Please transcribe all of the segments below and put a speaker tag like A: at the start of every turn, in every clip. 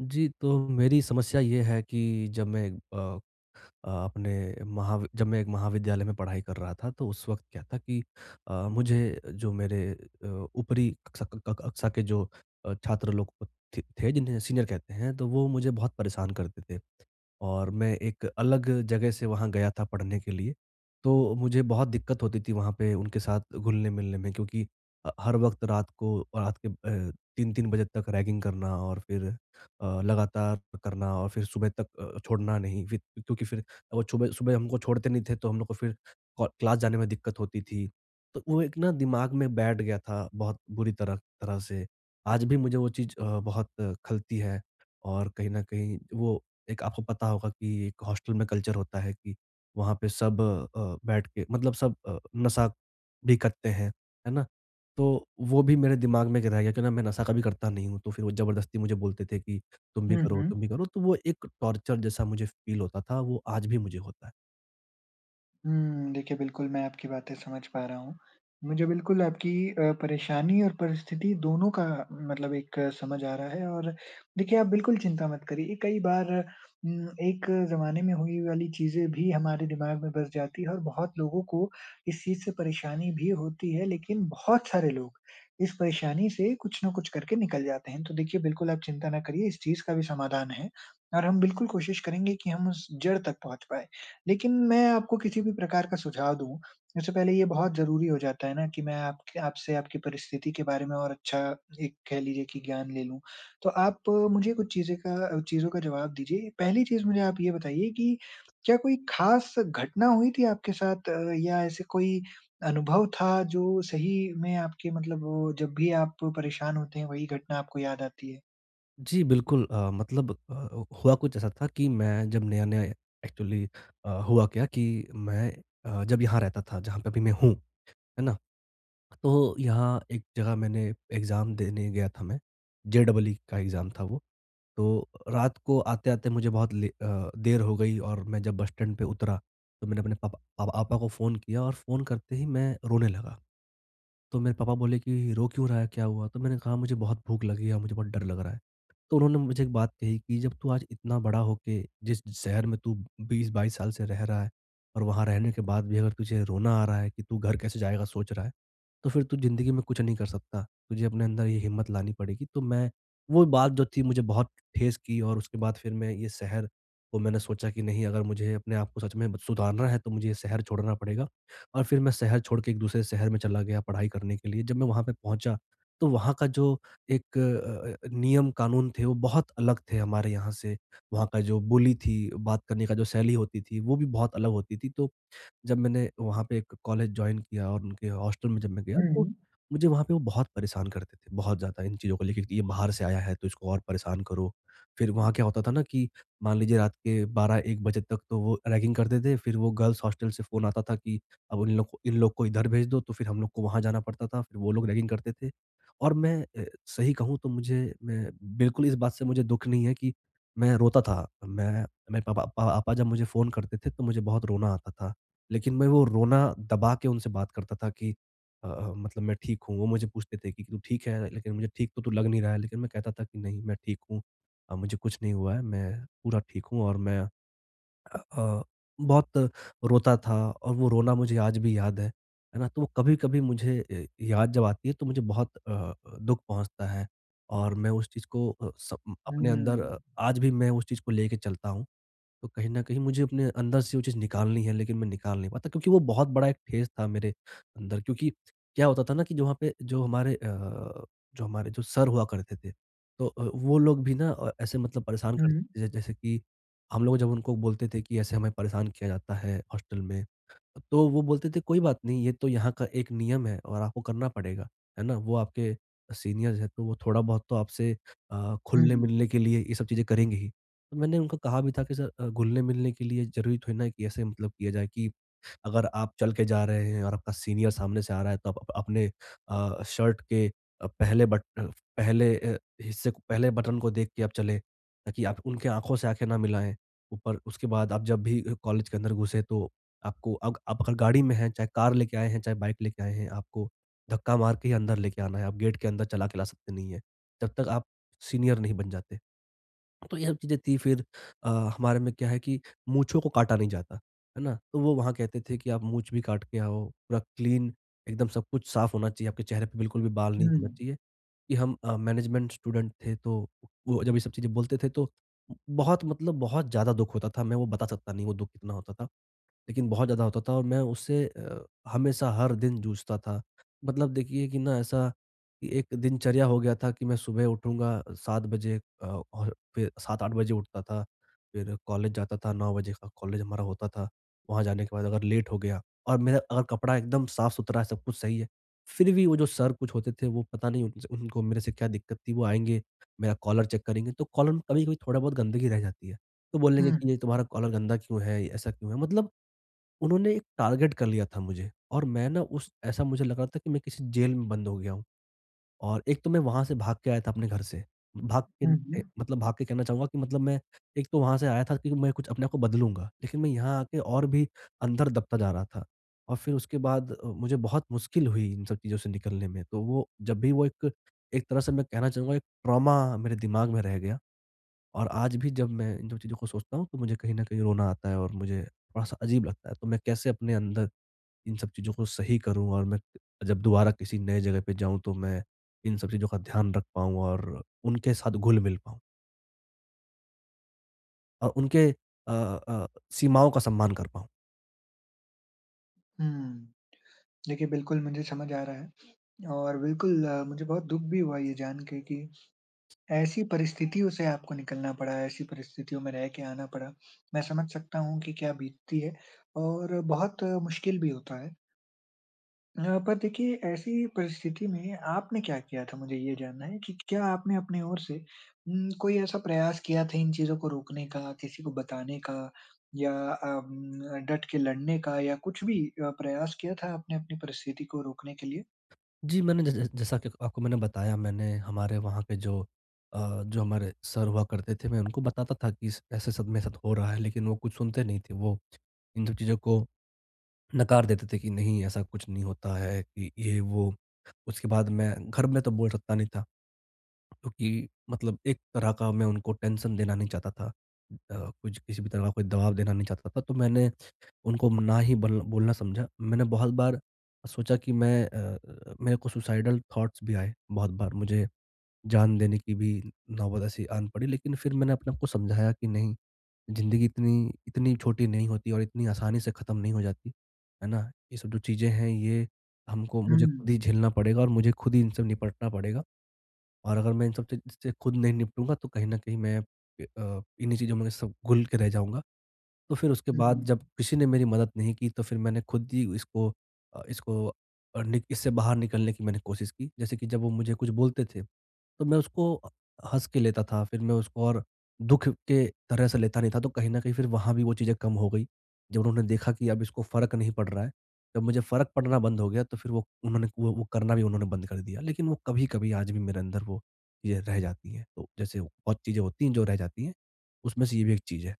A: जी, तो मेरी समस्या ये है कि जब मैं अ अ, अपने महावि जब मैं एक महाविद्यालय में पढ़ाई कर रहा था तो उस वक्त क्या था कि अ, मुझे जो मेरे अ, ऊपरी कक्षा क क कक्षा के जो अ, छात्र लोग क थे थे जिन्हें सीनियर कहते हैं तो वो मुझे बहुत परेशान करते थे। और मैं एक अलग जगह से वहाँ गया था पढ़ने के लिए, तो मुझे बहुत दिक्क़त होती थी, वहाँ पे उनके साथ घुलने-मिलने में क्योंकि अ, हर वक्त रात को रात के अ, 3-3 बजे तक रैगिंग करना और फिर अ, लगातार करना और फिर सुबह तक अ, छोड़ना नहीं फिर, क्योंकि फिर वो चुबह सुबह हमको छोड़ते नहीं थे तो हम लोग को फिर हो क्लास जाने में दिक्कत होती थी। तो वो एक ना दिमाग में बैठ गया था बहुत बुरी तरह तरह से, आज भी मुझे वो चीज़ अ, बहुत खलती है और कहीं न कहीं वो एक आपको पता होगा कि हॉस्टल में कल्चर होता है कि वहाँ पे सब अ, बैठ के मतलब सब अ, नशा भी करते हैं, है ना? तो वो भी मेरे दिमाग में एक रह गया कि ना मैं नशा कभी करता नहीं हूँ, तो फिर वो ज़बरदस्ती मुझे बोलते थे कि तुम भी
B: हुँ,
A: करो,
B: हुँ।
A: तुम भी करो, तो वो एक टॉर्चर जैसा मुझे फील होता था वो आज भी मुझे होता है।
B: हुँ। देखिए बिल्कुल मैं आपकी बातें समझ पा रहा हूँ। मुझे बिल्कुल आपकी अ, परेशानी और परिस्थिति दोनों का मतलब एक समझ आ रहा है और देखिए, आप बिल्कुल चिंता मत करिए। कई बार म एक ज़माने में हुई वाली चीज़ें भी हमारे दिमाग में बस जाती है और बहुत लोगों को इस चीज़ से परेशानी भी होती है, लेकिन बहुत सारे लोग इस परेशानी से कुछ न कुछ करके निकल जाते हैं। तो देखिए, बिल्कुल आप चिंता ना करिए इस चीज़ का भी समाधान है और हम बिल्कुल कोशिश करेंगे कि हम उस जड़ तक पहुँच पाएँ। लेकिन मैं आपको किसी भी प्रकार का सुझाव दूँ, उससे पहले ये बहुत ज़रूरी हो जाता है ना कि मैं आपके आपसे आपकी परिस्थिति के बारे में और अच्छा एक कह लीजिए कि ज्ञान ले लूँ। तो आप मुझे कुछ चीज़ें का चीज़ों का जवाब दीजिए, पहली चीज़ मुझे आप ये बताइए कि क्या कोई ख़ास घटना हुई थी आपके साथ या ऐसे कोई अनुभव था जो सही में आपके मतलब वो जब भी आप परेशान होते हैं वही घटना आपको याद आती है?
A: जी, बिल्कुल अ, मतलब अ, हुआ कुछ ऐसा था कि मैं जब नया-नया एक्चुअली अ, हुआ क्या कि मैं अ, जब यहाँ रहता था, जहाँ पे अभी मैं हूँ, है ना? तो यहाँ एक जगह मैंने एग्ज़ाम देने गया था मैं, जे डबल ई का एग्ज़ाम था वो। तो, रात को आते-आते मुझे बहुत ले अ, देर हो गई और मैं जब बस स्टैंड पे उतरा, तो मैंने अपने पप प पापा को फ़ोन किया और फ़ोन करते ही मैं रोने लगा। तो मेरे पापा बोले कि रो क्यों रहा है, क्या हुआ? तो मैंने कहा मुझे बहुत भूख लगी है और मुझे बहुत डर लग रहा है, तो उन्होंने मुझे एक बात कही कि जब तू आज इतना बड़ा होके जिस शहर में तू 20-22 साल से रह रहा है और वहाँ रहने के बाद भी अगर तुझे रोना आ रहा है, कि तू घर कैसे जाएगा सोच रहा है, तो फिर तू ज़िंदगी में कुछ नहीं कर सकता, तुझे अपने अंदर ये हिम्मत लानी पड़ेगी। तो मैं वो बात जो थी मुझे बहुत ठेस की और उसके बाद फिर मैं ये शहर को मैंने सोचा कि नहीं अगर मुझे अपने आप को सच में सुधारना है, तो मुझे ये शहर छोड़ना पड़ेगा और फिर मैं शहर छोड़ के एक दूसरे शहर में चला गया पढ़ाई करने के लिए, जब मैं वहाँ पे पहुँचा, तो वहाँ का जो एक अ अ, नियम-कानून थे, वो बहुत अलग थे हमारे यहाँ से, वहाँ का जो बोली थी, बात करने का जो शैली होती थी, वो भी बहुत अलग होती थी। तो, जब मैंने वहाँ पे एक कॉलेज जॉइन किया और उनके हॉस्टल में जब मैं गया तो
B: हुँ।
A: मुझे वहाँ पे वो बहुत परेशान करते थे, बहुत ज़्यादा, इन चीज़ों को लेके कि ये बाहर से आया है तो इसको और परेशान करो। फिर वहाँ क्या होता था ना कि मान लीजिए रात के 12-1 बजे तक तो वो रैगिंग करते थे, फिर वो गर्ल्स हॉस्टल से फ़ोन आता था कि, अब उन लोग इन लोग को इधर भेज दो, तो फिर हम लोग को वहाँ जाना पड़ता था फिर वो लोग रैगिंग करते थे। और मैं अ, सही कहूँ तो मुझे मैं बिल्कुल इस बात से मुझे दुःख नहीं है कि मैं रोता था, मैं मैं पप अ, पापा जब मुझे फ़ोन करते थे तो मुझे बहुत रोना आता था। लेकिन मैं वो रोना दबा के उनसे बात करता था कि अ, मतलब मैं ठीक हूँ, वो मुझे पूछते थे कि तू ठीक है? लेकिन मुझे ठीक तो तू लग नहीं रहा है लेकिन मैं कहता था कि नहीं मैं ठीक हूँ अ, मुझे कुछ नहीं हुआ है मैं पूरा ठीक हूँ और मैं अ अ, बहुत रोता था और वो रोना मुझे आज भी याद है, है ना? तो वो कभी-कभी मुझे ए याद जब आती है तो मुझे बहुत अ अ, दुःख पहुँचता है और मैं उस चीज़ को अ, स अपने अंदर
B: हुँ।
A: आज भी मैं उस चीज़ को लेके चलता हूँ। तो कहीं न कहीं मुझे अपने अंदर से वो चीज़ निकालनी है लेकिन मैं निकाल नहीं पाता, क्योंकि वो बहुत बड़ा एक फ़ेज़ था मेरे अंदर क्योंकि क्या होता था ना कि जो वहाँ पे जो हमारे अ, जो हमारे जो सर हुआ करते थे, तो अ, वो लोग भी ना अ, ऐसे मतलब परेशान
B: हुँ।
A: करते थे जैसे कि, हम लोग जब उनको बोलते थे कि ऐसे हमें परेशान किया जाता है हॉस्टल में। तो वो बोलते थे कोई बात नहीं ये तो यहाँ का एक नियम है और आपको करना पड़ेगा, है ना? वो आपके सीनियर्स है, तो वो थोड़ा-बहुत तो आपसे अ,
B: हुँ।
A: घुलने-मिलने के लिए ये सब चीज़ें करेंगे ही। तो मैंने उनको कहा भी था कि सर अ, घुलने-मिलने के लिए ज़रूरी थोड़ी ना है कि ऐसे मतलब किया जाए कि अगर आप चल के जा रहे हैं और आपका सीनियर सामने से आ रहा है तो आप अपने अ, शर्ट के अ, पहले बट अ, पहले अ, हिस्से को पहले बटन को देख के आप चले, ताकि आप उनके आँखों से आँखें ना मिलाएँ, ऊपर उसके बाद आप जब भी कॉलेज के अंदर घुसे तो आपको अग आप अगर गाड़ी में है चाहे कार लेके आए हैं, चाहे बाइक लेके आए हैं, आपको धक्का मार के ही अंदर लेके आना है, आप गेट के अंदर चला के ला सकते नहीं है, जब तक आप सीनियर नहीं बन जाते। तो ये सब चीज़ें थी फिर अ, हमारे में क्या है कि मूँछों को काटा नहीं जाता, है ना? तो वो वहाँ कहते थे कि आप मुँछ भी काट के आओ, पूरा क्लीन एकदम सब कुछ साफ होना चाहिए, आपके चेहरे पे बिल्कुल भी बाल नहीं होना
B: हुँ।
A: चाहिए। कि हम अ, मैनेजमेंट स्टूडेंट थे। तो वो जब ये सब चीज़ें बोलते थे तो बहुत मतलब बहुत ज़्यादा दुःख होता था, मैं वो बता सकता नहीं वो दुःख कितना होता था। लेकिन बहुत ज़्यादा होता था और मैं उसे अ, हमेशा हर दिन जूझता था, मतलब देखिए कि ना ऐसा, एक दिनचर्या हो गया था कि मैं सुबह उठूँगा 7 बजे अ, और फिर 7-8 बजे उठता था, फिर कॉलेज जाता था 9 बजे का कॉलेज हमारा होता था। वहाँ जाने के बाद अगर लेट हो गया और मेरा अगर कपड़ा एकदम साफ-सुथरा है सब कुछ सही है, फिर भी वो जो सर कुछ होते थे वो पता नहीं उन्स उनको मेरे से क्या दिक्कत थी वो आएँगे, मेरा कॉलर चेक करेंगे, तो कॉलर में कभी-कभी थोड़ा बहुत गंदगी रह जाती है। तो बोलेंगे कि
B: हुँ।
A: नहीं तुम्हारा कॉलर गंदा क्यों है? ऐसा क्यों है? मतलब उन्होंने एक टारगेट कर लिया था मुझे और मैं ना उस ऐसा मुझे लगा था कि मैं किसी जेल में बंद हो गया हूँ। और एक तो मैं वहाँ से भाग के आया था अपने घर से, भाग के
B: हुँ,
A: अ,
B: हुँ।
A: मतलब भाग के कहना चाहूँगा कि मतलब मैं एक तो वहाँ से आया था कि मैं कुछ अपने आप को बदलूँगा, लेकिन मैं यहाँ आके और भी अंदर दबता जा रहा था और फिर उसके बाद मुझे बहुत मुश्किल हुई इन सब चीज़ों से निकलने में। तो वो जब भी वो एक एक तरह से मैं कहना चाहूँगा एक ट्रॉमा मेरे दिमाग में रह गया, और आज भी जब मैं इन सब चीज़ों को सोचता हूँ, तो मुझे कहीं न कहीं रोना आता है और मुझे थोड़ा-सा अजीब लगता है। तो मैं कैसे अपने अंदर, इन सब चीज़ों को सही करूँ और मैं जब दोबारा किसी नए जगह पे जाऊँ, तो मैं इन सब चीज़ों का ध्यान रख पाऊँ और उनके साथ घुल-मिल पाऊँ? अ, उनके अ अ, सीमाओं का सम्मान कर पाऊँ।
B: हुँ, देखिए बिल्कुल मुझे समझ आ रहा है, और बिल्कुल मुझे बहुत दुःख भी हुआ ये जान के कि, ऐसी परिस्थितियों से आपको निकलना पड़ा, ऐसी परिस्थितियों में रह के आना पड़ा। मैं समझ सकता हूँ कि क्या बीतती है, और बहुत मुश्किल भी होता है। हाँ, पर देखिए ऐसी परिस्थिति में आपने क्या किया था मुझे ये जानना है कि क्या आपने अपनी ओर से उम्म, कोई ऐसा प्रयास किया था इन चीज़ों को रोकने का, किसी को बताने का, या अम्म, डट के लड़ने का? या कुछ भी अ, प्रयास किया था आपने अपनी परिस्थिति को रोकने के लिए?
A: जी, मैंने जै जै जैसा कि आपको मैंने बताया मैंने हमारे वहाँ पे जो अ, जो हमारे सर हुआ करते थे मैं उनको बताता था कि स ऐसा सब मेरे साथ हो रहा है लेकिन वो कुछ सुनते नहीं थे, वो इन सब चीज़ों को नकार देते थे कि नहीं ऐसा कुछ नहीं होता है, कि ये वो, उसके बाद मैं घर में तो बोल सकता नहीं था। क्योंकि मतलब एक तरह का मैं उनको टेंशन देना नहीं चाहता था, अ, कुछ किसी भी तरह का कोई दवाब देना नहीं चाहता था, तो मैंने उनको ना ही बल बोलना समझा। मैंने बहुत बार सोचा कि मैं अ अ, मेरे को सुसाइडल थॉट्स भी आए, बहुत बार मुझे जान देने की भी नौबत ऐसी आन पड़ी लेकिन फिर मैंने अपने आप को समझाया कि नहीं, ज़िन्दगी इतनी इतनी छोटी नहीं होती और इतनी आसानी से खत्म नहीं हो जाती, है ना? ये सब जो चीज़ें हैं ये हमको मुझे खुद ही
B: हुँ।
A: झेलना पड़ेगा और मुझे खुद ही इनसे निपटना पड़ेगा, और अगर मैं इन सब से ची से खुद नहीं निपटूँगा तो कहीं न कहीं मैं इ अ, इन्हीं चीज़ों में सब घुल के रह जाऊँगा। तो फिर उसके
B: हुँ, हुँ,
A: बाद जब
B: हुँ।
A: किसी ने मेरी मदद नहीं की तो फिर मैंने खुद ही इसको अ, इसको और निक इससे बाहर निकलने की मैंने कोशिश की, जैसे कि जब वो मुझे कुछ बोलते थे, तो मैं उसको अ, हँस के लेता था, फिर मैं उसको और दुःख के तरह से लेता नहीं था तो कहीं न कहीं फिर वहाँ भी वो चीज़ें कम हो गई। जब उन्होंने देखा कि अब इसको फ़र्क नहीं पड़ रहा है, जब मुझे फ़र्क पड़ना बंद हो गया तो फिर वो उन्होंने वो वो करना भी उन्होंने बंद कर दिया। लेकिन वो कभी-कभी आज भी मेरे अंदर वो चीज़ें रह जाती हैं, तो जैसे बहुत चीज़ें होती हैं जो रह जाती हैं, उसमें से ये भी एक चीज़ है।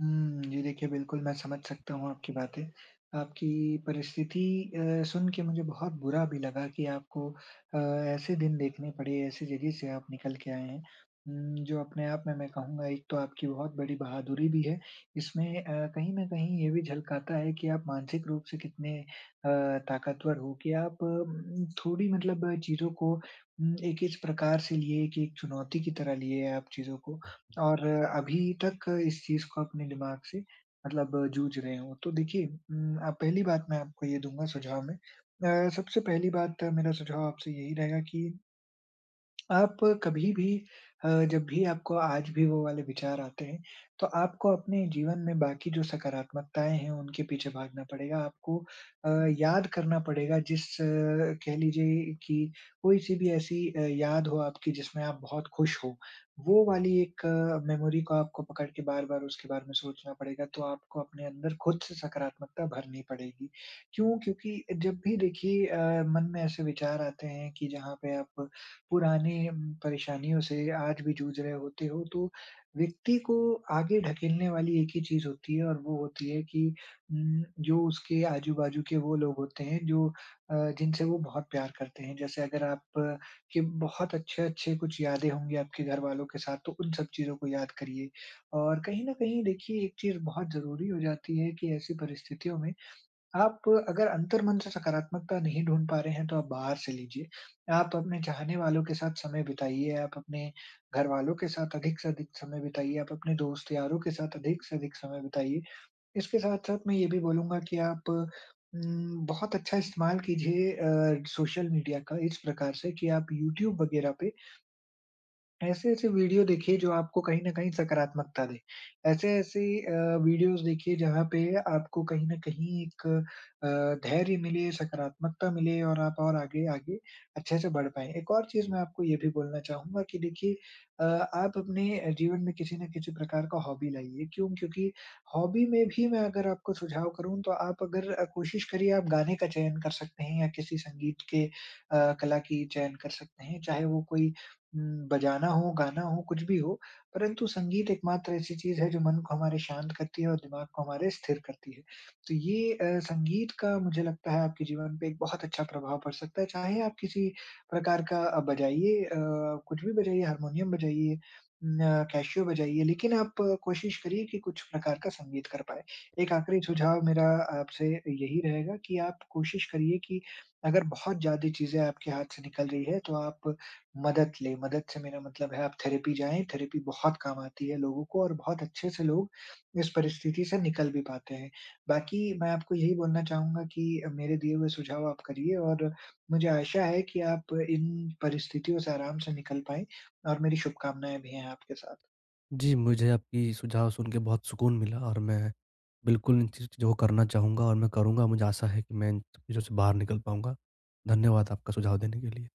B: हुँ। जी देखिए बिल्कुल मैं समझ सकता हूँ आपकी बातें। आपकी परिस्थिति अ, सुन के मुझे बहुत बुरा भी लगा कि आपको अ, ऐसे दिन देखने पड़े ऐसी जगह से आप निकल के आए हैं। उम, जो अपने आप में मैं कहूँगा एक तो आपकी बहुत बड़ी बहादुरी भी है। इसमें अ, कहीं न कहीं ये भी झलकाता है कि आप मानसिक रूप से कितने अ, ताकतवर हो कि आप अ, म थोड़ी मतलब चीज़ों को अम एक इस प्रकार से लिए एक चुनौती की तरह लिए आप चीजों को। और अभी तक इस चीज़ को अपने दिमाग से मतलब जूझ रहे हो। तो देखिए उम, अ, पहली बात मैं आपको ये दूँगा सुझाव में। अ, सबसे पहली बात मेरा सुझाव आपसे यही रहेगा कि, आप कभी-भी अ, जब भी आपको आज भी वो वाले विचार आते हैं, तो आपको अपने जीवन में बाकी जो सकारात्मकताएँ हैं उनके पीछे भागना पड़ेगा। आपको अ, याद करना पड़ेगा जिस कह लीजिए कि कोई-सी भी ऐसी अ, याद हो आपकी जिसमें आप बहुत खुश हो। वो वाली 1 मेमोरी को आपको पकड़ के बार-बार उसके बारे में सोचना पड़ेगा तो आपको अपने अंदर ख़ुद से सकारात्मकता भरनी पड़ेगी। क्यों? क्योंकि जब भी देखिए अ, मन में ऐसे विचार आते हैं कि जहाँ पे आप पुरानी म परेशानियों से आज भी जूझ रहे होते हो तो व्यक्ति को आगे ढकेलने वाली एक ही चीज़ होती है और वो होती है कि उ जो उसके आजू-बाजू के वो लोग होते हैं जो अ, जिनसे वो बहुत प्यार करते हैं जैसे अगर आप के बहुत अच्छे-अच्छे कुछ यादें होंगी आपके घरवालों के साथ तो उन सब चीज़ों को याद करिए। और कहीं न कहीं देखिए एक चीज़ बहुत ज़रूरी हो जाती है कि ऐसी परिस्थितियों में आप अगर अंतर्मन से सकारात्मकता नहीं ढूँढ पा रहे हैं तो आप बाहर से लीजिए। आप अपने चाहने वालों के साथ समय बिताइए। आप अपने घरवालों के साथ अधिक से अधिक समय बिताइए। आप अपने दोस्त यारों के साथ अधिक से अधिक समय बिताइए। इसके साथ-साथ मैं ये भी बोलूँगा कि आप उम, बहुत अच्छा इस्तेमाल कीजिए अ, सोशल मीडिया का इस प्रकार से कि आप यूट्यूब वग़ैरह पे ऐसे-ऐसे वीडियो देखिए जो आपको कहीं न कहीं सकारात्मकता दे। ऐसे-ऐसे अ, वीडियोज़ देखिए जहाँ पे आपको कहीं न कहीं एक अ, धैर्य मिले, सकारात्मकता मिले और आप और आगे आगे अच्छे से बढ़ पाएँ। एक और चीज़ मैं आपको ये भी बोलना चाहूँगा कि देखिए अ, आप अपने जीवन में किसी न किसी प्रकार का हॉबी लाइए। क्यों? क्योंकि हॉबी में भी मैं अगर आपको सुझाव करूँ तो आप अगर कोशिश करिए आप गाने का चयन कर सकते हैं या किसी संगीत के अ, कला की चयन कर सकते हैं चाहे वो कोई उम, बजाना हो, गाना हो कुछ भी हो परंतु संगीत एक मात्र ऐसी चीज़ है जो मन को हमारे शांत करती है और दिमाग को हमारे स्थिर करती है। तो ये अ, संगीत का मुझे लगता है आपके जीवन पे एक बहुत अच्छा प्रभाव पड़ सकता है चाहे आप किसी प्रकार का बजाइए अ, कुछ भी बजाइए हारमोनियम बजाइए म कैसीओ बजाइए लेकिन आप कोशिश करिए कि कुछ प्रकार का संगीत कर पाएँ। एक आख़िरी सुझाव मेरा आपसे यही रहेगा कि आप कोशिश करिए कि अगर बहुत ज़्यादा चीज़ें आपके हाथ से निकल रही हैं तो आप मदद लें। मदद से मेरा मतलब है आप थेरेपी जाए थेरेपी बहुत काम आती है लोगों को और बहुत अच्छे से लोग इस परिस्थिति से निकल भी पाते हैं। बाकी मैं आपको यही बोलना चाहूँगा कि मेरे दिए हुए सुझाव आप करिए और मुझे आशा है कि आप इन परिस्थितियों से आराम से निकल पाएँ। और मेरी शुभकामनाएँ भी हैं आपके साथ।
A: जी, मुझे आपकी सुझाव सुन के बहुत सुकून मिला और मैं, बिल्कुल इन चीजों को करना चाहूँगा और मैं करूँगा। मुझे आशा है कि मैं इन चीजों से बाहर निकल पाऊँगा। धन्यवाद आपका सुझाव देने के लिए।